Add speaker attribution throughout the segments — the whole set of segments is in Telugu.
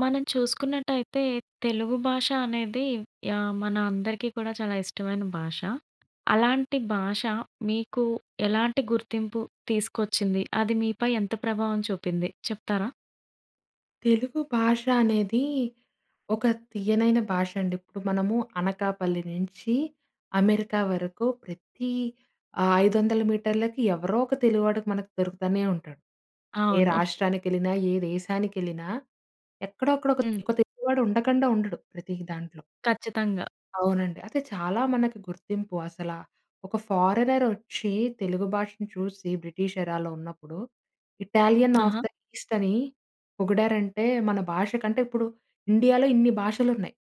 Speaker 1: మనం చూసుకున్నట్టయితే తెలుగు భాష అనేది యాహ్! మన అందరికీ కూడా చాలా ఇష్టమైన భాష. అలాంటి భాష మీకు ఎలాంటి గుర్తింపు తీసుకొచ్చింది? అది మీపై ఎంత ప్రభావం చూపింది చెప్తారా?
Speaker 2: తెలుగు భాష అనేది ఒక తియ్యనైన భాష అండి. ఇప్పుడు మనము అనకాపల్లి నుంచి అమెరికా వరకు ప్రతి 500 మీటర్లకి ఎవరో ఒక తెలుగువాడికి మనకు దొరుకుతూనే ఉంటాడు. ఏ
Speaker 1: అవును.
Speaker 2: రాష్ట్రానికెళ్ళినా ఏ దేశానికెళ్ళినా ఎక్కడో అక్కడ ఒక
Speaker 1: హ్మ్.
Speaker 2: ఒక తెలుగువాడు ఉండకుండా ఉండడు ప్రతి దాంట్లో.
Speaker 1: ఖచ్చితంగా.
Speaker 2: అవునండి. అది చాలా మనకి గుర్తింపు అసలా, ఒక ఫారినర్ వచ్చి తెలుగు భాషను చూసి బ్రిటిష్ ఎరాలో ఉన్నప్పుడు ఇటాలియన్ అఫ్
Speaker 1: ఆహా!
Speaker 2: ద ఈస్ట్ అని పొగిడారంటే మన భాష కంటే ఇప్పుడు ఇండియాలో ఇన్ని భాషలున్నాయి.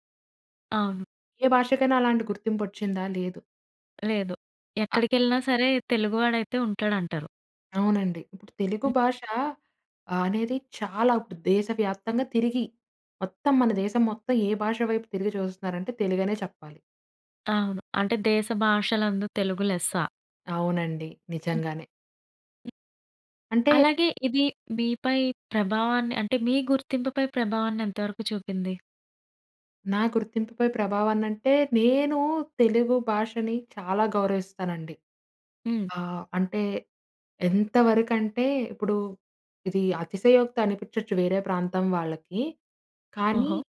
Speaker 1: అవును.
Speaker 2: ఏ భాషకైనా అలాంటి గుర్తింపొచ్చిందా? లేదు.
Speaker 1: లేదు. ఎక్కడికెళ్ళినా సరే తెలుగువాడైతే ఉంటాడు అంటారు.
Speaker 2: అవునండి. ఇప్పుడు తెలుగు భాష అనేది చాలా ఇప్పుడు దేశవ్యాప్తంగా తిరిగి, మొత్తం మన దేశం మొత్తం ఏ భాష వైపు తిరిగి చూస్తున్నారంటే తెలుగనే చెప్పాలి.
Speaker 1: అవును. అంటే 'దేశ భాషలందు తెలుగు లెస్స'.
Speaker 2: అవునండి. నిజంగానే. అంటే
Speaker 1: అలాగే, ఇది మీపై ప్రభావాన్ని, అంటే మీ గుర్తింపు పై ప్రభావాన్ని ఎంతవరకు చూపింది?
Speaker 2: నా గుర్తింపుపై ప్రభావం అనంటే, నేను తెలుగు భాషని చాలా గౌరవిస్తానండి.
Speaker 1: హ్మ్.
Speaker 2: ఆహ్, అంటే ఎంతవరకంటే ఇప్పుడు ఇది అతిశయోక్తి అనిపించొచ్చు వేరే ప్రాంతం వాళ్ళకి. కానీ
Speaker 1: ఓహో!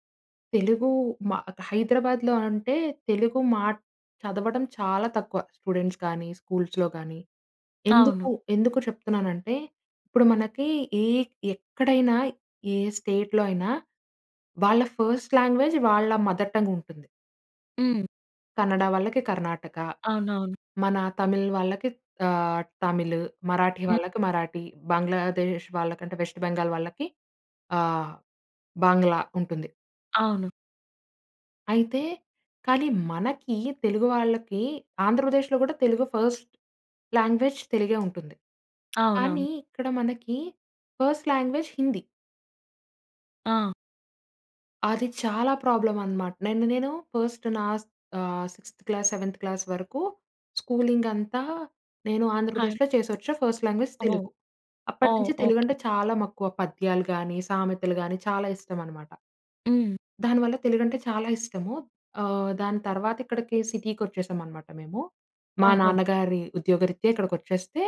Speaker 2: తెలుగు మా క హైదరాబాద్‌లొ, అంటే తెలుగు మా చదవడం చాలా తక్కువ స్టూడెంట్స్ కానీ, స్కూల్స్‌లో కానీ. ఎందుకు,
Speaker 1: అవును.
Speaker 2: ఎందుకు చెప్తున్నానంటే, ఇప్పుడు మనకి ఏ ఎక్కడైనా, ఏ స్టేట్‌‌లో అయినా వాళ్ళ ఫస్ట్ లాంగ్వేజ్ వాళ్ళ మదర్ టంగ్ ఉంటుంది.
Speaker 1: హ్మ్.
Speaker 2: కన్నడ వాళ్ళకి కర్ణాటక,
Speaker 1: అవునవును.
Speaker 2: మన తమిళ్ వాళ్ళకి ఆహ్, తమిళ్, మరాఠీ
Speaker 1: హ్మ్.
Speaker 2: వాళ్ళకి మరాఠీ, బంగ్లాదేశ్ వాళ్ళకంటే వెస్ట్ బెంగాల్ వాళ్ళకి ఆహ్, బంగ్లా ఉంటుంది.
Speaker 1: అవును.
Speaker 2: అయితే, కానీ మనకి తెలుగు వాళ్ళకి, ఆంధ్రప్రదేశ్‌లో కూడా తెలుగు ఫస్ట్ లాంగ్వేజ్ తెలుగే ఉంటుంది. కానీ
Speaker 1: అవునవును.
Speaker 2: ఇక్కడ మనకి ఫస్ట్ లాంగ్వేజ్ హిందీ.
Speaker 1: అ!
Speaker 2: అది చాలా ప్రాబ్లమ్ అనమాట. నన్ను నేను ఫర్స్ట్ నాస్ ఆహ్, సిక్స్‌థ క్లాస్ సెవెంత్ క్లాస్ వరకు స్కూలింగ్ అంతా నేను
Speaker 1: హా!
Speaker 2: ఆంధ్రప్రదేశ్‌లొ చేసొఛా first language
Speaker 1: oh!
Speaker 2: Telugu.
Speaker 1: Oh!
Speaker 2: అప్పటినుంచి తెలుగు
Speaker 1: ఓకె.
Speaker 2: అంటే చాలా మక్కువ. పద్యాలు కాని సామెతలు గాని చాలా ఇష్టం అనమాట.
Speaker 1: హ్మ్.
Speaker 2: దానివల్ల తెలుగంటే చాలా ఇష్టము. ఆహ్, దాని తర్వాత ఇక్కడికి సిటీకొచ్చేసామనమాట మేము. మా
Speaker 1: ఓహో!
Speaker 2: నాన్నగారి ఉద్యోగరీత్యా ఇక్కడికొచ్చేస్తే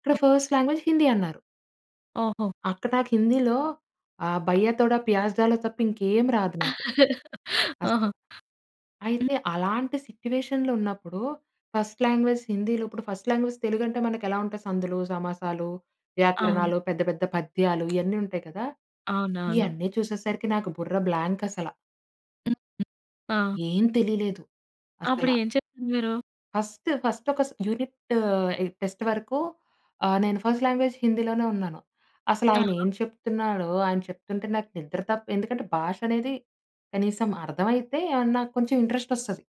Speaker 2: ఇక్కడ ఫర్స్ట్ లాంగ్వేజ్ హిందీ అన్నారు.
Speaker 1: ఓహో!
Speaker 2: అక్కడ నాకు హిందీలో ఆ భయ్యా తోడ ప్యాజ్ దాలొ తప్ప ఇంకేమి రాదు నాకు
Speaker 1: ఆహా!
Speaker 2: అసలు.
Speaker 1: హ్మ్.
Speaker 2: అయితే అలాంటి సిట్యుయేషన్‌లొ ఉన్నప్పుడు ఫస్ట్ లాంగ్వేజ్ హిందీలో ఇప్పుడు ఫర్స్ట్ లాంగ్వేజ్ తెలుగు అంటే మనకు ఎలా ఉంటాయి సందులు, సమాసాలు,
Speaker 1: అవును.
Speaker 2: వ్యాకరణాలు, పెద్ద, పెద్ద పద్యాలు, ఇయన్నీ ఉంటాయి కదా!
Speaker 1: అవునవును.
Speaker 2: ఇయన్నీ చూసేసరికి నాకు బుర్ర బ్లాంక్ అసల.
Speaker 1: ఆ!
Speaker 2: ఏం తెలియలేదు. అసల.
Speaker 1: అప్పుడు ఏం చెప్పారు మీరు?
Speaker 2: ఫస్ట్, ఫస్ట్ ఒక స యూనిట్ ఇ టెస్ట్ వరకు ఆహ్, నేను ఫర్స్ట్ లాంగ్వేజ్ హిందీలోనే ఉన్నాను. అసలు ఆయన
Speaker 1: ఆహా!
Speaker 2: ఏం చెప్తున్నాడో ఆయన చెప్తుంటే నాకు నిద్ర తప్ప ఎందుకంటే భాష అనేది కనీసం అర్థమైతే ఏమన్నా కొంచెం ఇంట్రెస్ట్ వస్తది.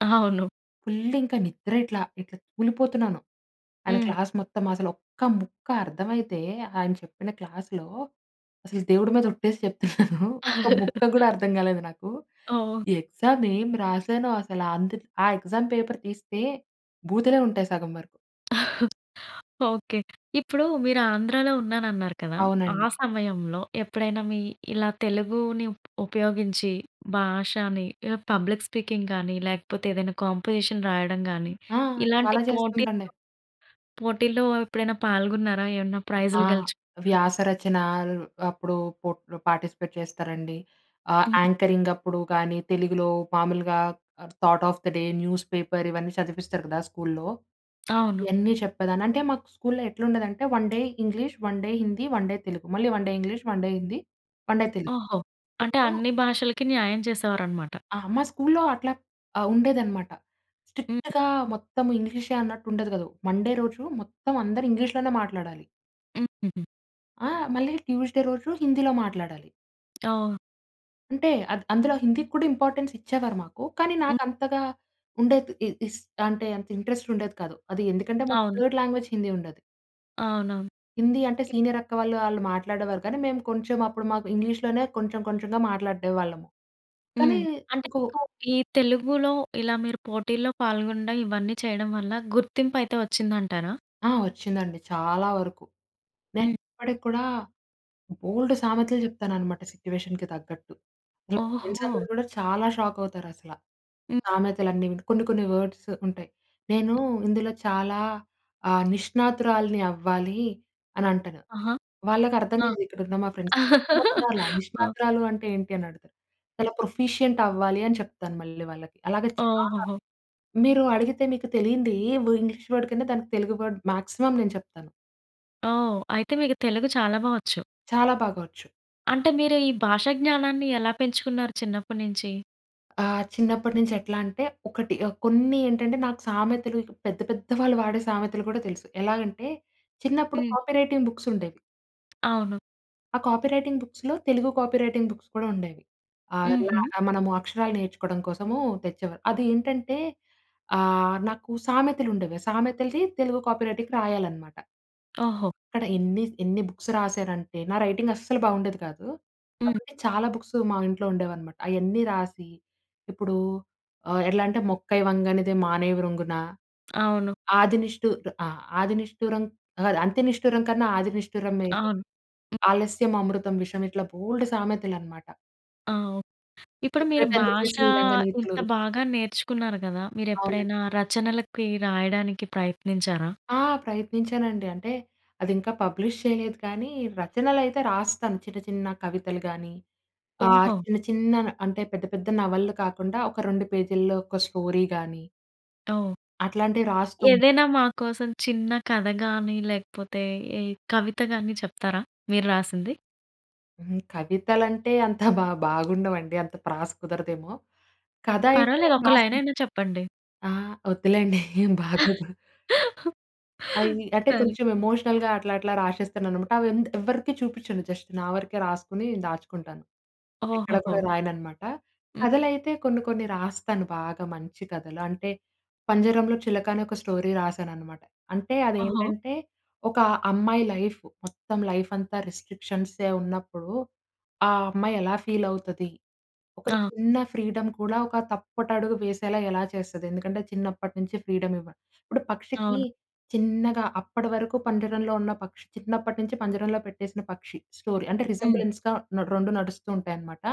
Speaker 1: అవును.
Speaker 2: ఫుల్ ఇంకా నిద్ర ఇట్లా, ఇట్లా తూలిపోతున్నాను. ఆయన
Speaker 1: హ్మ్.
Speaker 2: క్లాస్ మొత్తం అసలు, ఒక్క ముక్క అర్థమైతే ఆయన చెప్పిన క్లాస్‌లో, అసలు దేవుడి మీద ఒట్టేసి చెప్తున్నాను. ఒక ముక్క కూడా అర్థం కాలేదు నాకు.
Speaker 1: ఓహ్!
Speaker 2: ఎగ్జామ్ ఏం రాసానో? అసల. అందు ఆ ఎగ్జామ్ పేపర్ తీస్తే బూతులే ఉంటాయి, సగం వరకు.
Speaker 1: ఓకే. ఇప్పుడు, మీరు ఆంధ్రాలో ఉన్నాను అన్నారు కదా!
Speaker 2: అవునండి.
Speaker 1: ఆ సమయంలో, ఎప్పుడైనా మీ ఇలా తెలుగుని ఉ ఉపయోగించి, భాషని ఇలా పబ్లిక్ స్పీకింగ్ కానీ, లేకపోతే ఏదైనా కాంపోజిషన్ రాయడం గానీ,
Speaker 2: ఆ!
Speaker 1: ఇలాంటి
Speaker 2: చాలా
Speaker 1: పోటీల్లో,
Speaker 2: చేస్తుంటండి.
Speaker 1: పోటీల్లో ఎప్పుడైనా పాల్గొన్నారా? ఏమన్నా
Speaker 2: ఆ!
Speaker 1: ప్రైజ్‌లు గెలుచుకున్నారా?
Speaker 2: వ్యాస రచన అప్పుడు, పో పార్టిసిపేట్ చేస్తారండి. ఆహ్,
Speaker 1: హ్మ్.
Speaker 2: యాంకరింగ్ అప్పుడు కానీ, తెలుగులో మామూలుగా thought of the day newspaper ఇవన్నీ చదివిపిస్తారు కదా! స్కూల్‌లో
Speaker 1: అవును.
Speaker 2: ఇయన్ని చెప్పేదాన్ని. అంటే, మాకు స్కూల్‌లో ఎట్లా ఉండేదంటే, 1 day English, 1 day Hindi, 1 day Telugu. మళ్ళీ 1 day English, 1 day Hindi, 1 day Telugu.
Speaker 1: ఓహో! అంటే,
Speaker 2: ఇప్పుడు
Speaker 1: అన్ని భాషలకి న్యాయం చేసేవారన్నమాట.
Speaker 2: ఆ! మా స్కూల్‌లో అట్లా ఆహ్, ఉండేదన్నమాట.
Speaker 1: హ్మ్.
Speaker 2: స్ట్రిక్ట్‌గా మొత్తం ఇంగ్లీషే అన్నట్టు ఉండేది కాదు. మండే రోజు మొత్తం అందరు ఇంగ్లీష్‌లోనే మాట్లాడాలి. ఆ! మళ్ళీ ట్యూస్‌డే రోజు హిందీలో మాట్లాడాలి.
Speaker 1: అవును.
Speaker 2: అంటే, అద్ అందులో హిందీకి కూడా ఇంపార్టెన్స్ ఇచ్చేవారు మాకు. కానీ, నాకంతగా ఉండేది ఇ ఇస్ అంటే అంత ఇంట్రెస్ట్ ఉండేది కాదు. అది ఎందుకంటే, మాకు
Speaker 1: అవును.
Speaker 2: థర్డ్ లాంగ్వేజ్ హిందీ ఉండేది.
Speaker 1: అవునవును.
Speaker 2: హిందీ అంటే సీనియర్ అక్క వాళ్ళు, వాళ్ళు మాట్లాడేవారు. కానీ, మేము కొంచెం అప్పుడు మాకు ఇంగ్లీష్‌లోనే కొంచెం కొంచెంగా మాట్లాడేవాళ్ళము. కానీ,
Speaker 1: హ్మ్. అంటే
Speaker 2: ఇంకో
Speaker 1: మీకు ఈ తెలుగులో ఇలా మీరు పోటీల్లో పాల్గొనడం, ఇవన్నీ చేయడం వల్ల గుర్తింపయితే వచ్చిందంటారా?
Speaker 2: ఆ! వచ్చిందండి చాలా వరకు. నేను
Speaker 1: హ్మ్.
Speaker 2: ఇప్పటికి కూడా బోలెడు సామెతలు చెప్తాననమాట సిట్యుయేషన్‌కి తగ్గట్టు. మా ఫ్రెండ్స్ అందరూ
Speaker 1: ఓహో!
Speaker 2: కూడా చాలా షాకవుతారసల.
Speaker 1: హ్మ్.
Speaker 2: సామెతలన్నీ విని. కొన్ని, కొన్ని వర్డ్స్ ఉంటాయి. "నేను ఇందులో చాలా ఆహ్ నిష్ణాతురాల్ని అవ్వాలి" అనంటాను.
Speaker 1: ఆహా!
Speaker 2: వాళ్ళకర్థం
Speaker 1: ఆ!
Speaker 2: కాదు ఇకడున్న మా ఫ్రెండ్స్‌కి. "నిష్ణాతురాలా!
Speaker 1: ఆ!
Speaker 2: నిష్ణాతురాలు అంటే ఏంటి?" అనడుగుతారు. చాలా ప్రొఫిషియంట్ అవ్వాలి అని చెప్తాను మళ్ళీ వాళ్ళకి. అలాగే చాలా.
Speaker 1: ఓహోహో!
Speaker 2: మీరు అడిగితే మీకు తెలియంది ఏ వ ఇంగ్లీష్ వర్డ్ కింద దానికి తెలుగు వర్డ్ మాక్సిమం నేను చెప్తాను.
Speaker 1: ఓహ్! అయితే మీకు తెలుగు చాలా బా వచ్చు.
Speaker 2: చాలా బాగా వచ్చు.
Speaker 1: అంటే మీరు ఈ భాషా జ్ఞానాన్ని ఎలా పెంచుకున్నారు చిన్నప్పటి నుంచి?
Speaker 2: ఆ! చిన్నప్పటి నుంచి ఎట్లా అంటే ఒకటి కొన్ని ఏంటంటే నాకు సామెతలు పెద్ద, పెద్ద వాళ్ళు వాడే సామెతలు కూడా తెలుసు. ఎలాగంటే చిన్నప్పుడు
Speaker 1: హ్మ్.
Speaker 2: కాపీ రైటింగ్ బుక్స్ ఉండేవి.
Speaker 1: అవును.
Speaker 2: ఆ కాపీ రైటింగ్ బుక్స్‌లొ తెలుగు కాపీ రైటింగ్ బుక్స్ కూడా ఉండేవి.
Speaker 1: హుహు.
Speaker 2: [unintelligible] మనము అక్షరాలు నేర్చుకోవడం కోసము తెచ్చేవారు. అది ఏంటంటే ఆహ్, నాకు సామెతలు ఉండేవి. ఆ సామెతలని తెలుగు కాపీ రైటింగ్ రాయాలనమాట.
Speaker 1: ఓహో!
Speaker 2: అక్కడ ఎన్ని ఎన్ని బుక్స్ రాశనంటే నా రైటింగ్ అస్సలు బావుండేది కాదు.
Speaker 1: హ్మ్.
Speaker 2: కాబట్టి చాలా బుక్స్ మా ఇంట్లో ఉండేవన్నమాట. అయన్నీ రాసి ఇప్పుడు ఎట్లా అంటే మొక్కై వంగనిదే మానై వ్రంగున.
Speaker 1: అవును.
Speaker 2: ఆదినిష్టు ఆహ్, ఆహ్, ఆది నిష్ఠురం కాదు అంత నిష్ఠురం కన్నా ఆది నిష్ఠురం మేలు.
Speaker 1: అవును.
Speaker 2: ఆలస్యం అమృతం విషయం. ఇట్లా బోలెడు సామెతలన్నమాట.
Speaker 1: ఆ! ఇప్పుడు మీరు
Speaker 2: చెప్పేటందుకే
Speaker 1: భాష
Speaker 2: శ్రీరంగ
Speaker 1: ఇంత
Speaker 2: నీతులు.
Speaker 1: బాగా నేర్చుకున్నారు గదా! మీరు
Speaker 2: అవునండి.
Speaker 1: ఎప్పుడైనా రచనలకి రాయడానికి ప్రయత్నించారా?
Speaker 2: ఆ! ప్రయత్నించానండి. అంటే అది ఇంకా పబ్లిష్ చేయలేదు కానీ రచనలైతే రాస్తాను. చిన్న, చిన్న కవితలు కానీ ఆహ్,
Speaker 1: ఓహో!
Speaker 2: చిన్న చిన్న అంటే పెద్ద పెద్ద నవలలు కాకుండా ఒక రెండు పేజీల్లో ఒక స్టోరీ కాని.
Speaker 1: అవును.
Speaker 2: అట్లాంటివి రాస్తూ
Speaker 1: ఏదైనా మా కోసం చిన్న కథ గాని, లేకపోతే ఏ కవిత గాని చెప్తారా? మీరు రాసింది.
Speaker 2: హ్మ్. కవితలంటే అంత బా బాగుండవండి. అంత ప్రాస కుదరదేమో. కథ అయితే
Speaker 1: పర్వాలేదు. ఒక్క లైన్
Speaker 2: [unintelligible]
Speaker 1: అయినా చెప్పండి.
Speaker 2: ఆ! ఒద్దులేండి. బాగోదు. అవి అంటే
Speaker 1: సరే.
Speaker 2: కొంచెం ఎమోషనల్‌గా అట్లా అట్లా రాసేస్తాననమాట. అవెందు ఎవరికీ చూపించను, జస్ట్ నా వరకే రాసుకొని దాచుకుంటాను. ఎక్కడ కూడా
Speaker 1: ఓహొహొ!
Speaker 2: రాయనన్నమాట.
Speaker 1: హ్మ్.
Speaker 2: కథలైతే కొన్ని కొన్ని రాస్తాను బాగా మంచి కథలు. అంటే, 'పంజరంలో చిలక' అనే ఒక స్టోరీ రాసాననమాట. అంటే
Speaker 1: ఓహో!
Speaker 2: అదేంటంటే, ఒక అమ్మాయి లైఫూ మొత్తం లైఫ్ అంతా రిస్ట్రిక్షన్సే ఉన్నప్పుడు ఆ అమ్మాయి ఎలా ఫీల్ అవుతది. ఒక
Speaker 1: ఆ!
Speaker 2: చిన్న ఫ్రీడమ్ కూడా ఒక తప్పటడుగు వేసేలా ఎలా చేస్తది. ఎందుకంటే చిన్నప్పటి నుంచి ఫ్రీడమ్ ఇవ్వ ఇప్పుడు పక్షికి
Speaker 1: అవును.
Speaker 2: చిన్నగా అప్పటి వరకు పంజరంలో ఉన్న పక్షి చిన్నప్పటినుంచి పంజరంలో పెట్టేసిన పక్షి స్టోరీ అంటే
Speaker 1: హ్మ్.
Speaker 2: రిజెంబ్లెన్స్‌గా రె రెండు నడుస్తూ ఉంటాయన్నమాట.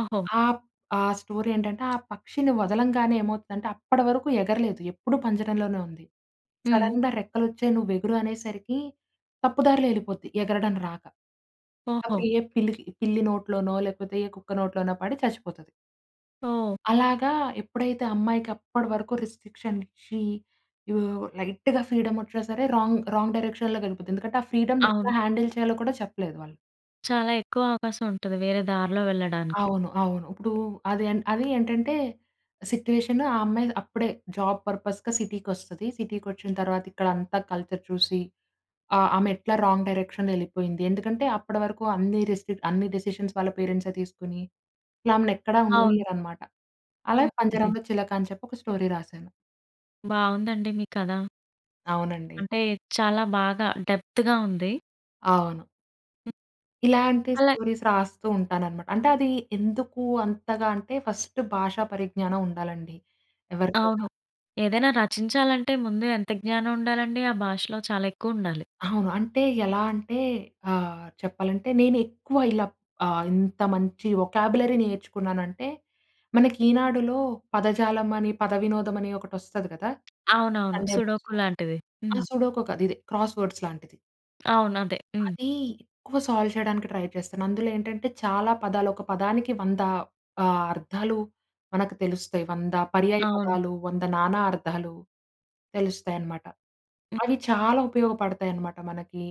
Speaker 1: ఓహో!
Speaker 2: ఆహ్, ఆ స్టోరీ ఏంటంటే ఆ పక్షిని వదలంగానే ఏమవుతుందంటే అప్పటి వరకు ఎగరలేదు. ఎప్పుడు పంజరంలోనే ఉంది.
Speaker 1: హ్మ్.
Speaker 2: "సడెన్‌గా రెక్కలొచ్చాయి, "నువ్వెగురు" అనేసరికి తప్పు దారిలో ఎళ్ళిపోద్ది, ఎగరడం రాక.
Speaker 1: ఓహో!
Speaker 2: అప్పుడు ఏ పిల్లికి పిల్లి నోట్లోనో లేకపోతే ఏ కుక్క నోట్లోనో పడి చచ్చిపోతది.
Speaker 1: ఓహ్!
Speaker 2: అలాగా ఎప్పుడైతే అమ్మాయికప్పటి వరకు రెస్ట్రిక్షన్ ఇచ్చి ఆహ్, లైట్‌గా ఫ్రీడమ్ ఒచ్చిన సరే రాంగ్, రాంగ్ డైరెక్షన్‌లోకెళ్ళిపోతుంది. ఎందుకంటే ఆ ఫ్రీడమ్‌ని ఎట్లా
Speaker 1: అవును.
Speaker 2: హ్యాండిల్ చేయాలో కూడా చెప్పలేదు వాళ్ళు.
Speaker 1: చాలా ఎక్కువ అవకాశం ఉంటది, వేరే దారిలో వెళ్ళడానికి.
Speaker 2: అవును. అవును. ఇప్పుడు అదే అది ఏంటంటే సిట్యుయేషన్ ఆ అమ్మాయి అప్పుడే జాబ్ పర్‌పస్‌‌గా సిటీకొస్తది. సిటీకొచ్చిన తర్వాత ఇక్కడంతా కల్చర్ చూసి ఆహ్, ఆమెట్లా రాంగ్ డైరెక్షన్‌లో ఎళ్ళిపోయింది. ఎందుకంటే అప్పటి వరకు అన్ని రెస్ట్రిక్ట్ అన్ని డెసిషన్స్ వాళ్ళ పేరెంట్సే తీసుకొని ఆమెనెక్కడ
Speaker 1: అవును.
Speaker 2: ఉండనీయరనమాట. అలాగ పంజరంలో చిలక అని చెప్పి ఒక స్టోరీ రాసాను.
Speaker 1: బావుందండి మీ కథ.
Speaker 2: అవునండి.
Speaker 1: అంటే చాలా బాగా డెప్త్‌గా ఉంది.
Speaker 2: అవును. ఇలాంటి
Speaker 1: అలా
Speaker 2: స్టోరీస్ రాస్తూ ఉంటాననమాట. అంటే అది ఎందుకు అంతగా అంటే ఫస్ట్ భాషా పరిజ్ఞానం ఉండాలండి ఎవరికైనా.
Speaker 1: అవును. ఏదైనా రచించాలంటే ముందు ఎంత జ్ఞానం ఉండాలండి ఆ భాషలో చాలా ఎక్కువుండాలి.
Speaker 2: అవును. అంటే ఎలా అంటే ఆహ్, చెప్పాలంటే నేను ఎక్కువ ఇలా ఇంత మంచి వొకాబ్యులరీ నేర్చుకున్నానంటే, మనకి ఈనాడులో పదజాలం అని పదవినోదం అని ఒకటొస్తది కదా!
Speaker 1: అవునవును.
Speaker 2: సండే
Speaker 1: సుడోకు
Speaker 2: బుక్స్‌లో.
Speaker 1: లాంటివి.
Speaker 2: అహా!
Speaker 1: హ్మ్.
Speaker 2: సుడోకు కాదిది క్రాస్‌వర్డ్స్ లాంటిది.
Speaker 1: అవును. అదే. హ్మ్.
Speaker 2: అది ఎక్కువ సాల్వ్ చేయడానికి ట్రై చేస్తాను. అందులో ఏంటంటే, చాలా పదాలు ఒక పదానికి 100 ఆహ్, అర్థాలు మనకు తెలుస్తాయి. 100 పర్యాయ
Speaker 1: అవును.
Speaker 2: పదాలు, 100 నానా అర్థాలు తెలుస్తాయనమాట. అవి చాలా ఉపయోగపడతాయనమాట. మనకి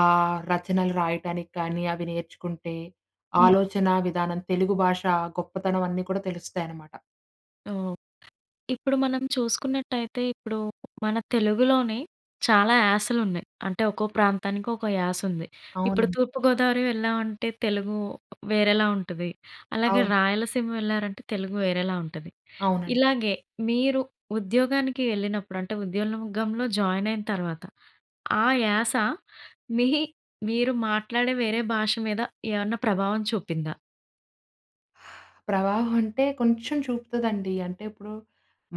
Speaker 2: ఆహ్, రచనలు రాయటానికి కానీ, అవి నేర్చుకుంటే
Speaker 1: హ్మ్.
Speaker 2: ఆలోచన విధానం, తెలుగు భాష గొప్పతనం అన్నీ కూడా తెలుస్తాయనామాట.
Speaker 1: ఓహ్! ఇప్పుడు మనం చూసుకున్నటయితే, ఇప్పుడు మన తెలుగులోనే, చాలా యాసలు ఉన్నాయి. అంటే, ఒక్కో ప్రాంతానికి ఒక్కో యాస ఉంది. ఇప్పుడు
Speaker 2: అవునండి.
Speaker 1: తూర్పు గోదావరి వెళ్ళామంటే, తెలుగు వేరేలా ఉంటది, అలాగే
Speaker 2: అవును.
Speaker 1: రాయలసీమ వెళ్లారంటే, తెలుగు వేరేలా ఉంటది.
Speaker 2: అవునండి.
Speaker 1: ఇలాగే, మీరు ఉద్యోగానికి వెళ్ళినప్పుడు అంటే, ఉద్యోగంలో జాయిన్ అయిన తర్వాత, ఆ యాస మీ మీరు మాట్లాడే, వేరే భాష మీద ఏమన్నా ప్రభావం చూపిందా?
Speaker 2: ప్రవాహం అంటే, కొంచెం చూపుతదండి. అంటే ఇప్పుడు,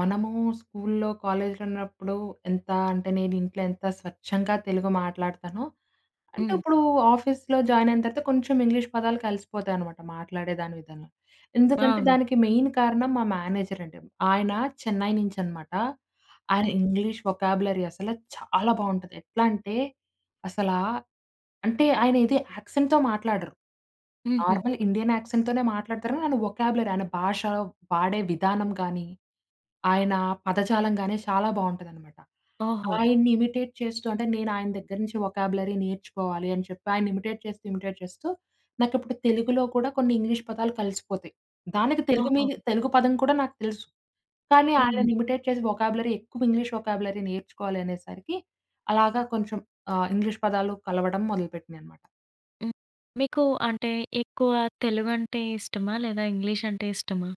Speaker 2: మనము స్కూల్‌లో, కాలేజ్‌లో ఉన్నప్పుడు, ఎంత అంటే నేను, ఇంట్లో ఎంత స్వచ్ఛంగా తెలుగు మాట్లాడతానో, అంటే
Speaker 1: హ్మ్.
Speaker 2: ఇప్పుడు ఆఫీస్‌లో జాయిన్ అయిన తర్వాత కొంచెం ఇంగ్లీష్ పదాలు కలిసిపోతాయనమాట. మాట్లాడే దాని విధంలో. ఎందుకంటే,
Speaker 1: అవును.
Speaker 2: దానికి మెయిన్ కారణం మా మేనేజర్ అండి. ఆయన, చెన్నై నుంచి అనమాట. ఆయన
Speaker 1: హ్మ్.
Speaker 2: ఇంగ్లీష్ వొకబ్యూలరీ అసలు చాలా బావుంటది. ఎట్లా అంటే, అసలా అంటే ఆయన ఇది యాక్సెంట్‌తో మాట్లాడరు.
Speaker 1: హుహు.
Speaker 2: నార్మల్ ఇండియన్ యాక్సెంట్‌తోనే మాట్లాడతారు. ఆయన వొకబ్యూలరీ ఆయన భాష, వాడే విధానం గానీ, ఆయన పదజాలం గానీ, చాలా బావుంటదనమాట.
Speaker 1: ఓహో!
Speaker 2: ఆయన్ని ఇమిటేట్ చేస్తూ అంటే నేను ఆయన దగ్గర నుంచి వొకబ్యూలరీ నేర్చుకోవాలి అని చెప్పి, ఆయన్ని ఇమిటేట్ చేస్తూ, ఇమిటేట్ చేస్తూ, నాకు ఇప్పుడు తెలుగులో కూడా, కొన్ని ఇంగ్లీష్ పదాలు కలిసిపోతాయి. దానికి తెలుగు
Speaker 1: ఓహో!
Speaker 2: మీన్ తెలుగు పదం కూడా, నాకు తెలుసు. కానీ,
Speaker 1: హ్మ్.
Speaker 2: ఆయనని ఇమిటేట్ చేసి వొకబ్యూలరీ ఎక్కువ ఇంగ్లీష్ వొకబ్యూలరీ నేర్చుకోవాలనేసరికి, అలాగా కొంచెం ఆహ్, ఇంగ్లీష్ పదాలు కలవడం మొదలుపెట్టీనీయనమాట.
Speaker 1: హ్మ్. మీకు అంటే ఎక్కువ తెలుగంటే ఇష్టమా? లేదా ఇంగ్లీష్ అంటే ఇష్టమా?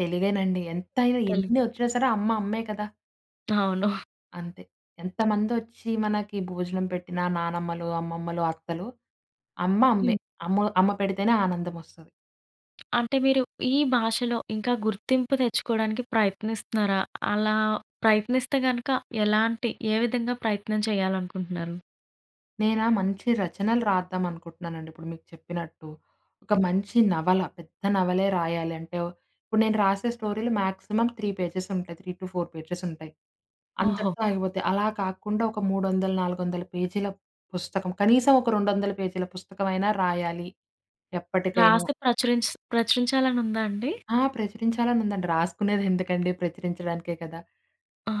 Speaker 2: తెలుగేనండి. ఎంతైనా
Speaker 1: తెలుగు.
Speaker 2: ఎన్నొచ్చినా సరే అమ్మ, అమ్మే కదా...
Speaker 1: అవును.
Speaker 2: అంతే. ఎంతమందొచ్చి మనకి భోజనం పెట్టిన నానమ్మలు, అమ్మమ్మలు, అత్తలు అమ్మ అమ్మే.
Speaker 1: హ్మ్.
Speaker 2: అమ్మ అమ్మ పెడితేనే ఆనందం ఒస్తది.
Speaker 1: అంటే మీరు ఈ భాషలో, ఇంకా గుర్తింపు తెచ్చుకోవడానికి ప్రయత్నిస్తున్నారా? అలా ప్రయత్నిస్తే గనక, ఎలాంటి ఏ విధంగా ప్రయత్నం చేయాలనుకుంటున్నారు?
Speaker 2: నేనా! మంచి రచనలు రాద్దాం అనుకుంటున్నానండి ఇప్పుడు మీకు చెప్పినట్టు. ఒక మంచి నవల. పెద్ద నవలే రాయాలి అంటే, ఇప్పుడు నేను రాసే స్టోరీలు మాక్సిమం 3 పేజెసుంటాయి. 3-4 పేజెసుంటాయి.
Speaker 1: ఓహో!
Speaker 2: అంతటితో ఆగిపోతాయి. అలా కాకుండా ఒక 300ల, 400ల పేజీల పుస్తకం. కనీసం ఒక 200ల పేజీల పుస్తకం అయినా రాయాలి. ఎప్పటికైనా.
Speaker 1: రాసి ప్రచురించా ప్రచురించాలనుందా అండి?
Speaker 2: ఆ! ప్రచురించాలని ఉందండి. రాసుకునేది ఎందుకండి? ప్రచురించడానికే కదా!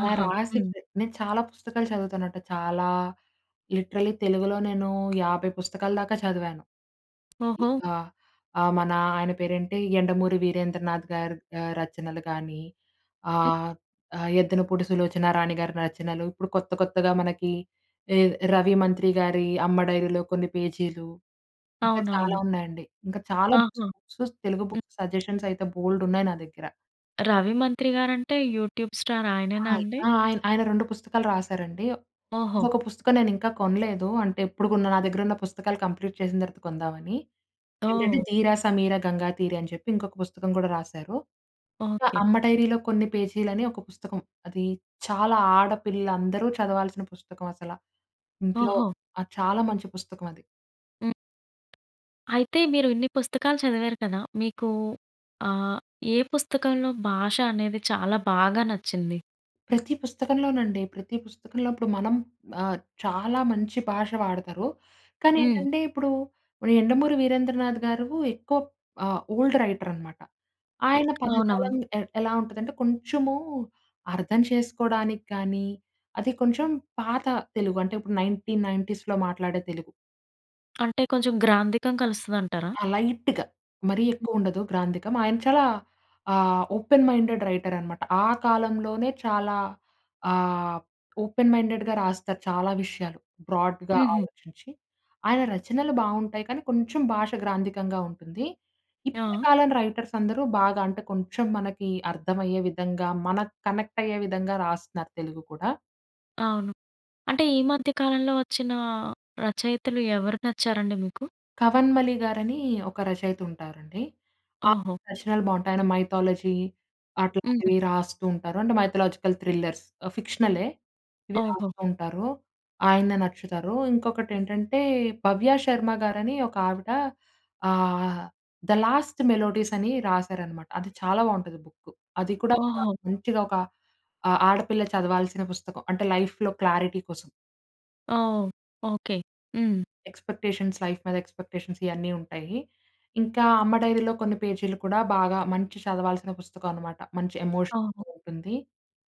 Speaker 2: అలా
Speaker 1: హ్మ్.
Speaker 2: రాసిందే నేను చాలా పుస్తకాలు చదువుతానంట. చాలా లిటరలీ తెలుగులో నేను 50 పుస్తకాల దాకా చదివాను. ఇ
Speaker 1: ఓహో!
Speaker 2: ఆ! ఆహ్, మన ఆయన పేరేంటి, 'యండమూరి వీరేంద్రనాథ్‌గారి' ఆహ్, రచనలు గాని, ఆహ్, ఆహ్, 'యద్దనపూడి సులోచనారాణిగారి' రచనలు. ఇప్పుడు కొత్త, కొత్తగా మనకి ఎద్ రవి మంత్రిగారి 'అమ్మ డైరీలో కొన్ని పేజీలు'. ఇంకా చాలా
Speaker 1: అవునవును.
Speaker 2: ఉన్నాయండి. ఇంకా చాలా బుక్స్,
Speaker 1: ఆహా!
Speaker 2: బుక్స్ తెలుగు
Speaker 1: హ్మ్.
Speaker 2: బుక్స్ సజెషన్స్ అయితే బోల్డున్నాయి నా దగ్గర.
Speaker 1: 'రవి మంత్రి‌గారంటే' యూట్యూబ్ స్టార్ ఆయనేనా
Speaker 2: ఆయ్
Speaker 1: అండి?
Speaker 2: ఆ! ఆయన ఆయన 2 పుస్తకాలు రాసారండి.
Speaker 1: ఓహో!
Speaker 2: ఒక పుస్తకం నేను ఇంకా కొనలేదు. అంటే, ఎప్పుడు కొన్నా నా దగ్గర ఉన్న పుస్తకాలు వ్కంప్లీట్ చేసిన తర్వాత కొందామని. ఏంటంటే
Speaker 1: ఓహ్!
Speaker 2: 'ధీర సమీర గంగాతీర' అని చెప్పి ఇంకొక పుస్తకం కూడా రాశారు. ఇంకా
Speaker 1: ఓకే.
Speaker 2: 'అమ్మ డైరీలో కొన్ని పేజీలని' ఒక పుస్తకం. అది చాలా ఆడపిల్లలు అందరూ చదవాల్సిన పుస్తకం అసల. ఇంట్లో
Speaker 1: ఓహో!
Speaker 2: ఆహ్, చాలా మంచి పుస్తకం అది.
Speaker 1: హ్మ్. అయితే, మీరు ఇన్ని పుస్తకాలు చదివారు కదా! మీకు ఆహ్, ఏ పుస్తకంలో భాష అనేది చాలా బాగా నచ్చింది?
Speaker 2: ప్రతి పుస్తకంలోనండి. ప్రతి పుస్తకంలో ఇప్పుడు మనం ఆహ్, చాలా మంచి భాష వాడతారు. కానీ,
Speaker 1: హ్మ్.
Speaker 2: ఏంటంటే ఇప్పుడు 'యండమూరి వీరేంద్రనాథ్‌గారు' ఎక్కువ ఆహ్, ఓల్డ్ రైటరనమాట. ఆయన పదజాలం
Speaker 1: అవునవును.
Speaker 2: ఎ ఎలా ఉంటుందంటే కొంచెము అర్థం చేసుకోడానికి కానీ, అది కొంచెం పాత తెలుగు అంటే ఇప్పుడు 1990స్‌లో మాట్లాడే తెలుగు.
Speaker 1: అంటే, కొంచెం గ్రాంథికం కలుస్తదంటారా?
Speaker 2: ఆ! లైట్‌గా మరీ ఎక్కువ ఉండదు గ్రాంథికం. ఆయన చాలా ఆహ్, ఓపెన్ మైండెడ్ రైటరనమాట. ఆ కాలంలోనే చాలా ఆహ్, ఓపెన్ మైండెడ్‌గా రాస్తారు చాలా విషయాలు. బ్రాడ్‌గా
Speaker 1: హుహు.
Speaker 2: ఆలోచించి. ఆయన రచనలు బావుంటాయి. కానీ, కొంచెం భాష గ్రాంథికంగా ఉంటుంది. ఇప్పటి
Speaker 1: ఆ!
Speaker 2: కాలం రైటర్స్ అందరూ బాగా అంటే, కొంచెం మనకి అర్థమయ్యే విధంగా మనకు కనెక్ట్ అయ్యే విధంగా రాస్తున్నారు తెలుగు కూడా.
Speaker 1: అవును. అంటే ఈ మధ్య కాలంలో వచ్చిన రచయితలు ఎవరు నచ్చారండి మీకు?
Speaker 2: 'కవన్మలి' గారని ఒక రచయిత ఉంటారండి. ఆ
Speaker 1: ఓహో!
Speaker 2: రచనలు బావుంటాయి. ఆయన మైథాలజీ
Speaker 1: హుహు.
Speaker 2: అట్లాంటివి రాస్తూ ఉంటారు. అంటే మైథలాజికల్ థ్రిల్లర్స్ ఫిక్షన్‌లె. ఇవి
Speaker 1: ఓహో!
Speaker 2: రాస్తూ ఉంటారు. ఆయన నచ్చుతారు. ఇంకొకటి ఏంటంటే 'భవ్య శర్మ' గారని ఒక ఆవిడ ఆహ్, 'ద లాస్ట్ మెలోడీస్' అని రాశారనమాట. అది చాలా బావుంటది బుక్. అది కూడా
Speaker 1: ఓహో!
Speaker 2: మంచిగా ఒక ఆ ఆడపిల్ల చదవాల్సిన పుస్తకం అంటే లైఫ్‌లొ క్లారిటీ కోసం.
Speaker 1: ఓహ్! ఓకె. హ్మ్.
Speaker 2: ఎక్స్పెక్టేషన్స్ లైఫ్ మీద ఎక్స్పెక్టేషన్స్ ఇయన్నీ ఉంటాయి. ఇంకా 'అమ్మ డైరీలో కొన్ని పేజీలు' కూడా బాగా మంచి చదవాల్సిన పుస్తకం అనమాట. మంచి ఎమోషన్
Speaker 1: అవును.
Speaker 2: ఉంటుంది.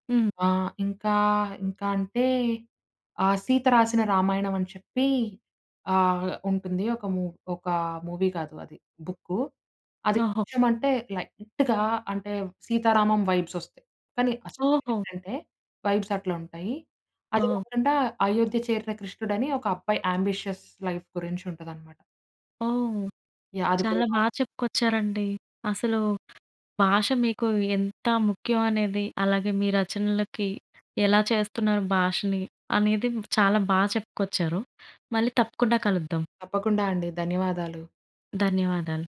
Speaker 1: హ్మ్.
Speaker 2: ఆహ్, ఇంకా ఇంకా అంటే ఆహ్, 'సీత రాసిన రామాయణం అని చెప్పి ఆహ్, ఉంటుంది. ఒక మూ ఒకా మూవీ కాదు అది బుక్కు. అది
Speaker 1: ఓహో!
Speaker 2: కృష్ణం అంటే లైట్‌గా అంటే సీతారామం వైబ్స్ ఒస్తాయి. కానీ అసలు విషయం
Speaker 1: ఓహో!
Speaker 2: ఎంటంటే వైబ్స్ అట్లా ఉంటాయి. అది
Speaker 1: ఓహ్!
Speaker 2: కాకుండా అయోధ్య చేరిన కృష్ణుడు అని ఒక అబ్బాయి యాంబిషియస్ లైఫ్ గురించి ఉంటదనమాట.
Speaker 1: ఓహ్!
Speaker 2: యాహ్! అది
Speaker 1: చాలా
Speaker 2: కూడా.
Speaker 1: బాగా చెప్పుకొచ్చారండి. అసలు భాష మీకు ఎంత ముఖ్యం అనేది అలాగే మీ రచనలకి ఎలా చేస్తున్నారు భాషని అనేది చాలా బాగా చెప్పుకొచ్చారు. మళ్ళీ తప్పకుండా కలుద్దాం.
Speaker 2: తప్పకుండా అండి. ధన్యవాదాలు.
Speaker 1: ధన్యవాదాలు.